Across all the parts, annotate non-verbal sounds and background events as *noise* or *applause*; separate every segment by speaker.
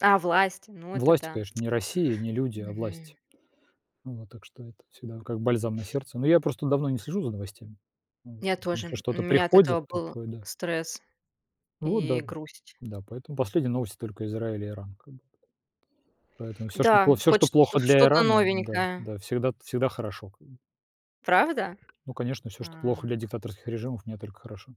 Speaker 1: А власть? Ну это
Speaker 2: Власть,
Speaker 1: да.
Speaker 2: конечно, не Россия, не
Speaker 1: *clicks tongue*
Speaker 2: люди, а власть.
Speaker 1: Мгм.
Speaker 2: Вот. Так что это вот всегда как бальзам на сердце. Но я просто давно не слежу за новостями. Вот.
Speaker 1: Я
Speaker 2: Поэтому если
Speaker 1: тоже, м, у
Speaker 2: что-то
Speaker 1: меня от
Speaker 2: приходит,
Speaker 1: этого был
Speaker 2: такое да.
Speaker 1: стресс
Speaker 2: Вот
Speaker 1: и
Speaker 2: да.
Speaker 1: грусть.
Speaker 2: Да. Поэтому последние новости только Израиль и Иран как бы. Поэтому всё, что
Speaker 1: Да,
Speaker 2: пло всё
Speaker 1: хоть
Speaker 2: что
Speaker 1: шт
Speaker 2: плохо для
Speaker 1: что-то
Speaker 2: Ирана, да,
Speaker 1: новенькое.
Speaker 2: да всегда всегда хорошо как бы.
Speaker 1: Правда?
Speaker 2: Ну конечно, всё, что плохо
Speaker 1: А.
Speaker 2: для диктаторских режимов, мне только хорошо.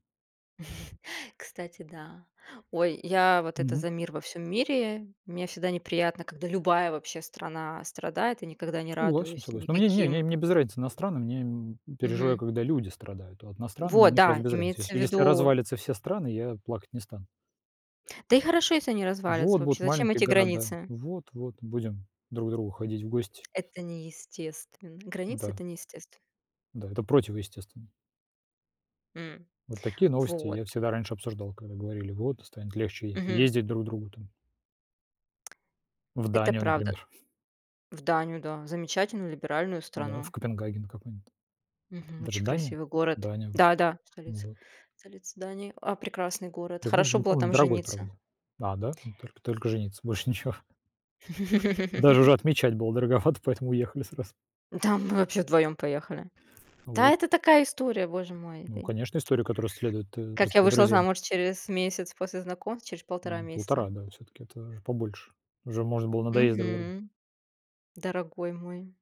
Speaker 1: *chuckles* Кстати, да, ой, я вот это
Speaker 2: Мгм.
Speaker 1: за мир во всём мире. Мне всегда неприятно, когда любая вообще страна страдает и никогда не
Speaker 2: Согласен,
Speaker 1: радуюсь
Speaker 2: согласен. Но мне не не
Speaker 1: никаким
Speaker 2: мне без разницы, на страны мне, м, я переживаю,
Speaker 1: Мгм.
Speaker 2: когда люди страдают. Вот на страны
Speaker 1: Вот
Speaker 2: мне просто
Speaker 1: да,
Speaker 2: без разницы,
Speaker 1: имеется в
Speaker 2: если если
Speaker 1: виду
Speaker 2: развалятся все страны, я плакать не стану.
Speaker 1: Да и хорошо, если они развалятся
Speaker 2: Вот будут
Speaker 1: вообще, зачем
Speaker 2: маленькие
Speaker 1: эти
Speaker 2: города,
Speaker 1: границы?
Speaker 2: вот-вот будем друг к другу ходить в гости.
Speaker 1: Это неестественно, границы
Speaker 2: М-да.
Speaker 1: это неестественно.
Speaker 2: Да, это противоестественно.
Speaker 1: М.
Speaker 2: Вот такие новости
Speaker 1: Вот.
Speaker 2: я всегда раньше обсуждал, когда говорили, вот станет легче
Speaker 1: Мгм.
Speaker 2: ездить друг другу там. В
Speaker 1: Это
Speaker 2: Данию,
Speaker 1: правда.
Speaker 2: например.
Speaker 1: В Данию да, замечательную либеральную
Speaker 2: Да, в
Speaker 1: страну.
Speaker 2: Копенгаген какой-нибудь.
Speaker 1: Мгм.
Speaker 2: Это же
Speaker 1: Очень
Speaker 2: Дания?
Speaker 1: красивый город.
Speaker 2: Дания.
Speaker 1: Да-да,
Speaker 2: Ну
Speaker 1: столица.
Speaker 2: вот.
Speaker 1: Столица Дании. А, прекрасный город, хорошо
Speaker 2: *unintelligible*
Speaker 1: было
Speaker 2: Он
Speaker 1: там
Speaker 2: дорогой,
Speaker 1: жениться.
Speaker 2: правда. А да? Ну только только жениться, больше ничего. Даже уже
Speaker 1: *laughs*
Speaker 2: отмечать было дороговато, поэтому уехали сразу.
Speaker 1: Да мы вообще вдвоём поехали. Да
Speaker 2: Оп
Speaker 1: это такая история, боже мой.
Speaker 2: Ну конечно, история, которую с следует
Speaker 1: Как я
Speaker 2: рассказать
Speaker 1: вышла
Speaker 2: друзьям.
Speaker 1: замуж через месяц после знакомства, через полтора
Speaker 2: М,
Speaker 1: месяца?
Speaker 2: полтора, да всё-таки это побольше. Уже можно было надоесть друг другу.
Speaker 1: Мгм. Дорогой мой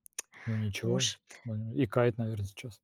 Speaker 2: Но ничего,
Speaker 1: муж.
Speaker 2: *unintelligible* икает, наверно, сейчас.